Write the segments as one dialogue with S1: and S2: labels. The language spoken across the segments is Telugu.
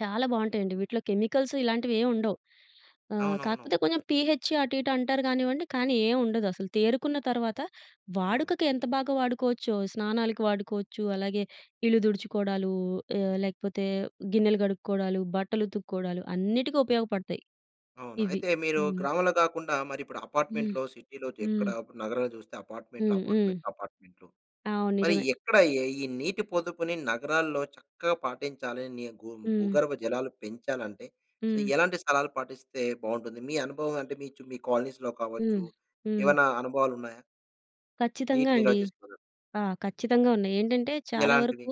S1: చాలా బాగుంటాయండి వీటిలో కెమికల్సు ఇలాంటివేం ఉండవు, ఆహ్,
S2: అవునవును.
S1: కాకపోతే కొంచెం పీహెచే అటు ఇటు అంటారు కానివ్వండి, కానీ ఏం ఉండదసలు. తేరుకున్న తర్వాత
S2: అవును.
S1: వాడుకకి ఎంత బాగా వాడుకోవచ్చో స్నానాలకి వాడుకోవచ్చు, అలాగే ఇల్లు తుడుచుకోవడాలు ఆహ్, లేకపోతే గిన్నెలు కడుక్కోవడాలు, బట్టలు ఉతుక్కోవడాలు అన్నిటికి ఉపయోగపడతాయి
S2: అవును.
S1: ఇవి.
S2: అయితే మీరు
S1: హ్మ్.
S2: గ్రామంలో కాకుండా మరి ఇప్పుడు
S1: హ్మ్.
S2: అపార్ట్మెంట్‌లో, సిటీ‌లో జెక్కడ
S1: హ్మ్.
S2: నగరంలో చూస్తే అపార్ట్మెంట్‌లు,
S1: హ్మ్. హ్మ్.
S2: అపార్ట్మెంట్‌లు, అపార్ట్మెంట్‌లు.
S1: అవును.
S2: మరి
S1: నిజమే.
S2: ఎక్కడ ఈ ఈ నీటి పొదుపుని నగరాల్లో చక్కగా పాటించాలని గు
S1: హ్మ్.
S2: భూగర్భ జలాలు పెంచాలంటే సో,
S1: హ్మ్.
S2: ఎలాంటి సలహాలు పాటిస్తే బాగుంటుంది? మీ అనుభవం అంటే మీ చు మీ కాలనీస్‌లో కావచ్చు?
S1: హ్మ్. హ్మ్.
S2: ఏవన్నా అనుభవాలు ఉన్నాయా?
S1: ఖచ్చితంగా
S2: నీటి నిల్వ
S1: అండి.
S2: చేసుకున్నారు.
S1: ఆ! ఖచ్చితంగా ఉన్నాయి. ఏంటంటే చాలా
S2: ఎలాంటివి?
S1: వరకు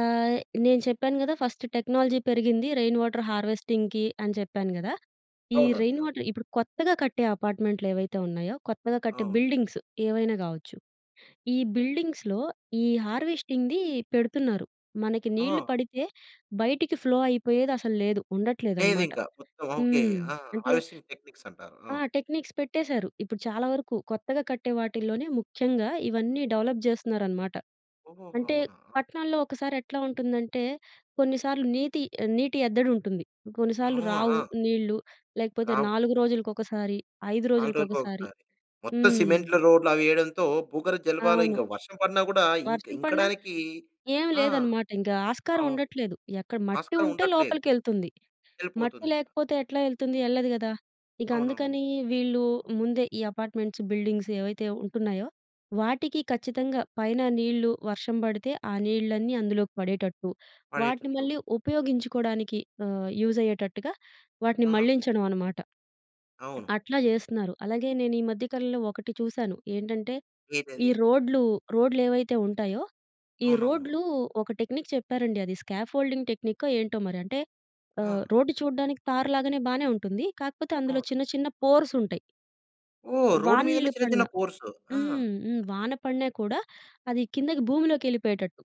S1: ఆహ్, నేను చెప్పాను కదా! ఫస్టు టెక్నాలజీ పెరిగింది రెయిన్ వాటర్ హార్వెస్టింగ్‌కి అని చెప్పాను కదా! ఈ
S2: అవునండి.
S1: రెయిన్
S2: అవును.
S1: వాటర్ ఇప్పుడు కొత్తగా కట్టే అపార్ట్మెంట్లేవైతే ఉన్నాయో కొత్తగా కట్టే
S2: అవును.
S1: బిల్డింగ్సు ఏవైనా కావచ్చు, ఈ బిల్డింగ్స్‌లో ఈ హార్వెస్టింగ్‌ది పెడుతున్నారు మనకి నీళ్లు
S2: ఓహ్!
S1: పడితే బయటికి ఫ్లో అయిపోయేదసలు లేదు
S2: లేదు
S1: ఉండట్లేదనమాట.
S2: ఇంకా మొత్తం ఆ! ఓకే.
S1: హ్మ్.
S2: ఆ!
S1: అంటే
S2: హార్వెస్టింగ్ టెక్నిక్సం‌టారు.
S1: ఆ!
S2: ఆ!
S1: టెక్నిక్స్ పెట్టేశారు. ఇప్పుడు చాలా వరకు కొత్తగా కట్టే వాటిల్లోనే ముఖ్యంగా ఇవన్నీ డెవలప్ చేస్తున్నారన్నమాట.
S2: ఓహో!
S1: అంటే
S2: అవునా? ఆ!
S1: పట్నాల్లో ఒకసారి ఎట్లా ఉంటుందంటే కొన్నిసార్లు నీతి నీటి అద్దడి ఉంటుంది, కొన్నిసార్లు రావు
S2: అవునా!
S1: నీళ్ళు లేకపోతే
S2: రావు.
S1: 4 రోజులకొకసారి, 5
S2: 4
S1: రోజులకొకసారి.
S2: రోజులకొకసారి. మొత్తం
S1: హ్మ్.
S2: సిమెంట్లు రోడ్‌లవి వేయడంతో భూగర్భ జలాబలు
S1: అవును.
S2: ఇంకా వర్షం పడినా కూడా ఇంక
S1: వర్షం పడిన
S2: ఇంకడానికి
S1: ఏం
S2: ఆ!
S1: లేదన్నమాట ఇంకా ఆస్కారం
S2: అవును.
S1: ఉండట్లేదు ఎక్కడ మట్టి
S2: ఆస్కారం
S1: ఉంటే
S2: ఉండట్లేదు.
S1: లోపలికెళ్తుంది. మట్టి
S2: వెళ్ళిపోతుంది ఇగ.
S1: లేకపోతే ఎట్లా ఎళ్తుంది? ఎల్లాదు కదా! ఇక
S2: అవునవును.
S1: అందుకని వీళ్ళు ముందే ఈ అపార్ట్మెంట్స్, బిల్డింగ్స్ ఏవైతే ఉంటున్నాయో వాటికి ఖచ్చితంగా పైన నీళ్ళు వర్షం పడితే ఆ నీళ్ళన్నీ అందులోకి పడేటట్టు వాటిని,
S2: పడేటట్లు.
S1: మళ్ళీ ఉపయోగించుకోవడానికి ఆహ్, యూజైయ్యేటట్టుగా వాటిని
S2: ఆహా!
S1: మళ్లించడం అనమాట. హ్మ్.
S2: అవును.
S1: అట్లా
S2: హ్మ్.
S1: చేస్తున్నారు. అలాగే నేను ఈ మధ్య కాలంలో ఒకటి చూసాను ఏంటంటే ఈ
S2: వేదది?
S1: రోడ్లు, రోడ్లేవైతే ఉంటాయో ఈ
S2: అవునవును.
S1: రోడ్లు
S2: ఆ!
S1: ఒక టెక్నిక్ చెప్పారండి అది స్కాఫోల్డింగ్ టెక్నికో ఏంటో మరి అంటే ఆహ్,
S2: ఆ!
S1: రోడ్డు చూడడానికి తార్ లాగానే బానే ఉంటుంది. కాకపోతే అందులో
S2: అవును.
S1: చిన్న చిన్న పోర్సుంటాయి.
S2: ఓహ్! రోడ్
S1: వాన
S2: మీదనే
S1: నీళ్ళు
S2: చిన్న
S1: పడిన
S2: చిన్న పోర్సు. ఆహా!
S1: హ్మ్. హ్మ్. వాన పడిన కూడా అది కిందకి భూమిలోకెళ్ళిపోయేటట్టు.